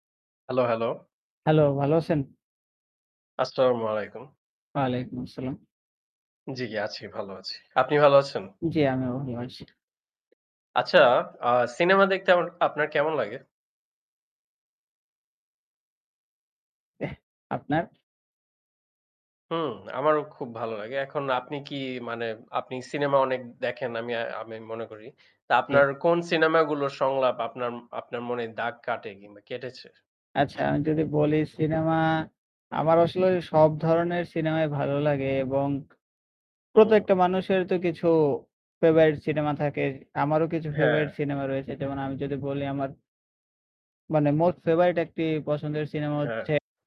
Hello, hello. Hello. ভালো আছেন? আসসালামু আলাইকুম। ওয়ালাইকুম আসসালাম। জি, জি। আছি, ভালো আছি। আপনি ভাল আছেন? জি, আমিও ভালো আছি। আচ্ছা অ্যা সিনেমা দেখতে আমার আপনার কেমন লাগে? এহ আপনার? হুম আমারও খুব ভালো লাগে। এখন আপনি কি মানে, আপনি সিনেমা অনেক দেখেন আমি আমি মনে করি। তা জি। আপনার কোন সিনেমাগুলোর সংলাপ আপনার আপনার মনে দাগ কাটে, কিংবা কেটেছে? আচ্ছা আমি যদি বলি সিনেমা আমার আসলে সব ধরনের সিনেমাই ভালো লাগে, এবং হুম। প্রত্যেকটা মানুষের তো কিছু ফেভারিট সিনেমা থাকে। আমারও কিছু ফেভারাইট হ্যাঁ। সিনেমা রয়েছে। যেমন আমি যদি বলি আমার মানে মোস্ট ফেভারাইট একটি পছন্দের সিনেমা হচ্ছে হ্যাঁ।